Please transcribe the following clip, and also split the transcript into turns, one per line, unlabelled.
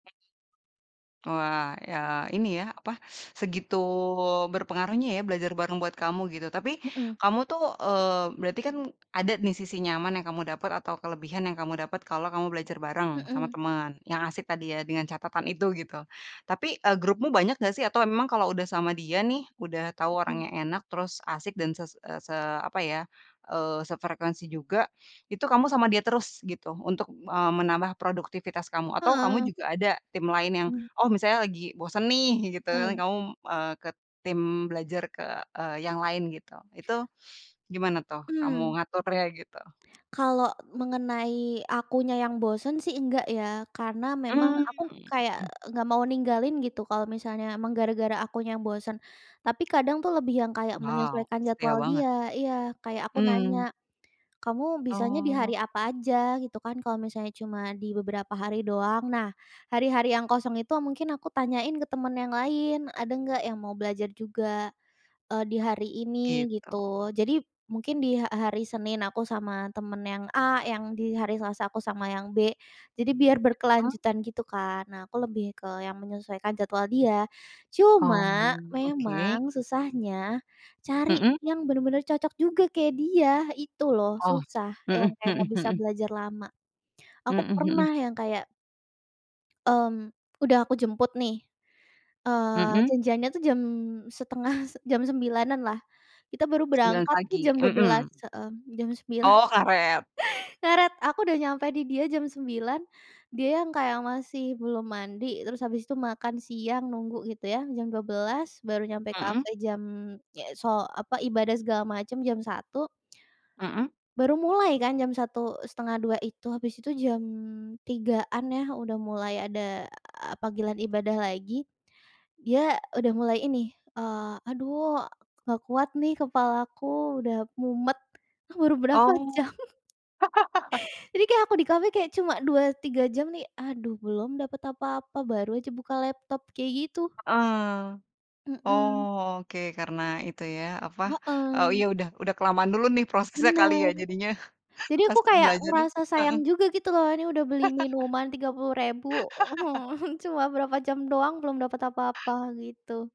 Wah, ya, ini ya, apa, segitu berpengaruhnya ya, belajar bareng buat kamu, gitu. Tapi
Mhm.
kamu tuh, eee, berarti kan ada nih, sisi nyaman yang kamu dapet atau kelebihan yang kamu dapet kalau kamu belajar bareng sama
Mhm.
temen yang asik tadi, ya, dengan catatan itu, gitu, tapi, eee, grupmu banyak nggak sih? Atau emang kalau udah sama dia nih, udah tau
Mhm.
orangnya enak, terus asik dan se se apa ya, eee, sefrekuensi juga, itu kamu sama dia terus gitu, untuk, eee, menambah produktivitas kamu? Atau kamu juga ada tim lain yang, oh, misalnya lagi bosen nih, gitu,
Hmm.
kamu, eee, ke tim belajar ke, eee, yang lain, gitu. Itu gimana tuh
Hmm.
kamu ngaturnya, gitu?
Kalau mengenai akunya yang bosen sih, enggak ya, karena memang
Mhm,
aku
heeh
kayak
heeh.
nggak mau ninggalin gitu, kalau misalnya memang gara-gara akunya yang bosen. Tapi kadang tuh lebih yang kayak
Wow,
menyesuaikan
setia
jadwal
banget,
dia iya, kayak aku
Mhm.
nanya, "Kamu bisanya di
Oh.
hari apa aja?", gitu kan, kalau misalnya cuma di beberapa hari doang, nah, hari-hari yang kosong itu mungkin aku tanyain ke temen yang lain, ada nggak yang mau belajar juga, eee, di hari ini,
Gitu.
gitu. Jadi mungkin di ha hari Senin aku sama temen yang A, yang di hari Selasa aku sama yang B, jadi biar berkelanjutan, gitu kan. Nah, aku lebih ke yang menyesuaikan jadwal dia, cuma
Oh, oke.
memang susahnya cari
Mhm.
yang bener-bener cocok juga kayak dia, itu loh
Oh,
susah yang
mhm,
kayak nggak
mhm,
bisa
mhm.
belajar lama, aku
Mhm mhm.
pernah yang kayak Mmm. Udah aku jemput nih, eee,
Mhm.
janjiannya tuh jam setengah jam 09.00-an lah, kita baru
09.00
berangkat tuh
pagi,
jam dua
mhm,
belas, heeh, jam 09.00.
oh, ngaret.
Ngaret, aku udah nyampe di dia jam 9.00, dia yang kayak masih belum mandi, terus habis itu makan siang, nunggu gitu ya, jam 12.00 baru nyampe
Mhm.
kafe, jam so eee, apa, ibadah segala macam jam 01.00
Mhm.
baru mulai kan jam 01.00, 01:30 itu, habis itu jam 03.00-an ya, udah mulai ada panggilan ibadah lagi, dia udah mulai ini, eee, "Aduh, nggak kuat nih, kepalaku udah mumet", ah, baru berapa
Oh.
jam. Jadi kayak aku di kafe kayak cuma 2-3 jam nih, aduh, belum dapat apa-apa, baru aja buka laptop, kayak gitu.
Heeh,
Mhm.
oh, oke, karena itu ya, apa, oh,
Heeh.
iya, udah udah kelamaan dulu nih, prosesnya kali ya,
Benar,
jadinya
jadi aku
pas
kayak
belajarnya
ngerasa sayang
heeh.
juga, gitu loh, ini udah beli minuman Rp30.000 cuma berapa jam doang, belum dapat apa-apa, gitu.